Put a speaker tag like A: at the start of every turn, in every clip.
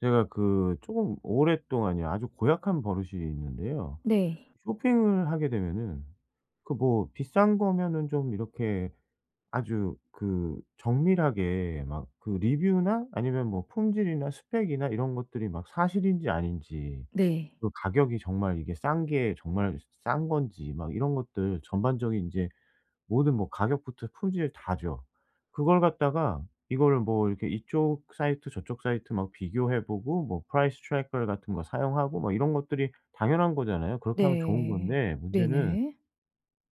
A: 제가 그 조금 오랫동안요. 아주 고약한 버릇이 있는데요.
B: 네.
A: 쇼핑을 하게 되면은 그 뭐 비싼 거면은 좀 이렇게 아주 그 정밀하게 막 그 리뷰나 아니면 뭐 품질이나 스펙이나 이런 것들이 막 사실인지 아닌지,
B: 네.
A: 그 가격이 정말 이게 싼 게 정말 싼 건지 막 이런 것들 전반적인 인제 모든 뭐 가격부터 품질 다죠. 그걸 갖다가 이거를 뭐 이렇게 이쪽 사이트 저쪽 사이트 막 비교해 보고 뭐 price tracker 같은 거 사용하고 뭐 이런 것들이 당연한 거잖아요. 그렇게 하면 좋은
B: 네.
A: 건데 문제는
B: 네네.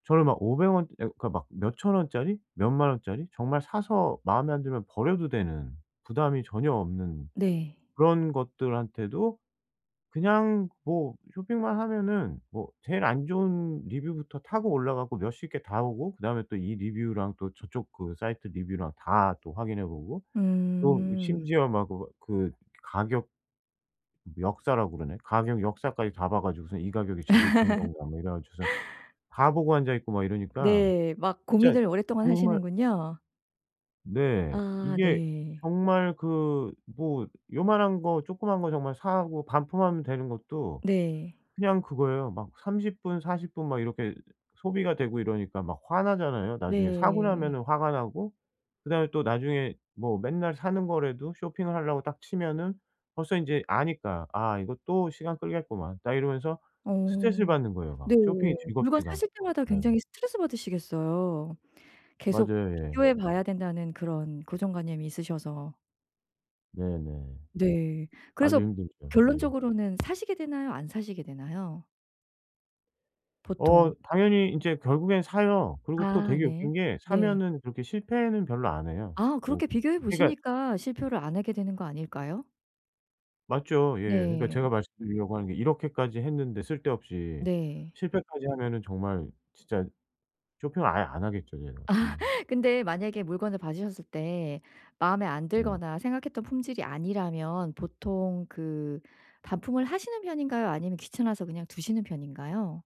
A: 저는 막 500 원 예 그러니까 막 몇 1,000 원짜리 몇 10,000 원짜리 정말 사서 마음에 안 들면 버려도 되는 부담이 전혀 없는
B: 네.
A: 그런 것들한테도 그냥 뭐 쇼핑만 하면은 뭐 제일 안 좋은 리뷰부터 타고 올라가고 몇십 개 다 보고 그다음에 또 이 리뷰랑 또 저쪽 그 사이트 리뷰랑 다 또 확인해 보고 또 이
B: 음.
A: 심지어 막 그거 그 가격 역사라고 그러나요? 가격 역사까지 다 봐 가지고선 '이 가격이 제대로 된 건가.' 뭐 이래 가지고서 다 보고 앉아있고 막 이러니까
B: 네. 막
A: 진짜
B: 고민을 오랫동안
A: 정말
B: 하시는군요.
A: 네.
B: 아.
A: 이게
B: 네.
A: 정말 그 뭐 요만한 거 조그만 거 정말 사고 반품하면 되는 것도
B: 네.
A: 그냥 그거예요. 막 30 분, 40 분 막 이렇게 소비가 되고 이러니까 막 화나잖아요. 나중에 사고
B: 네.
A: 나면은 화가 나고 그다음에 또 나중에 뭐 맨날 사는 거라도 쇼핑을 하려고 딱 치면은 벌써 인제 아니까 '아 이거 또 시간 끌겠구만.' 딱 이러면서 스트레스를
B: 어.
A: 받는 거예요, 막.
B: 네.
A: 쇼핑이
B: 물건
A: 즐겁지가
B: 사실 때마다
A: 예.
B: 굉장히 스트레스받으시겠어요, 계속
A: 맞아요. 예.
B: 비교해 봐야 된다는 그런 고정관념이 있으셔서.
A: 네네.
B: 네.
A: 아주
B: 그래서
A: 힘들죠. 예.
B: 결론적으로는 사시게 되나요? 안 사시게 되나요?
A: 어.
B: 보통.
A: 당연히 인제 결국엔 사요. 그리고 또
B: 아
A: 되게
B: 네.
A: 웃긴 게
B: 네.
A: 사면은 그렇게 실패는 별로 안 해요,
B: 아.
A: 또.
B: 그렇게 비교해
A: 그러니까
B: 보시니까 실패를 안 하게 되는 거 아닐까요?
A: 맞죠. 예. 그러니까
B: 네.
A: 제가
B: 어
A: 말씀드리려고 하는 게 이렇게까지 했는데 쓸데없이
B: 네.
A: 실패까지 하면은 정말 진짜 쇼핑을 아예 안 하겠죠, 제가. 예.
B: 근데 만약에 물건을 받으셨을 때 마음에 안
A: 네.
B: 들거나 생각했던 품질이 아니라면 보통 그 반품을 하시는 편인가요? 아니면 귀찮아서 그냥 두시는 편인가요?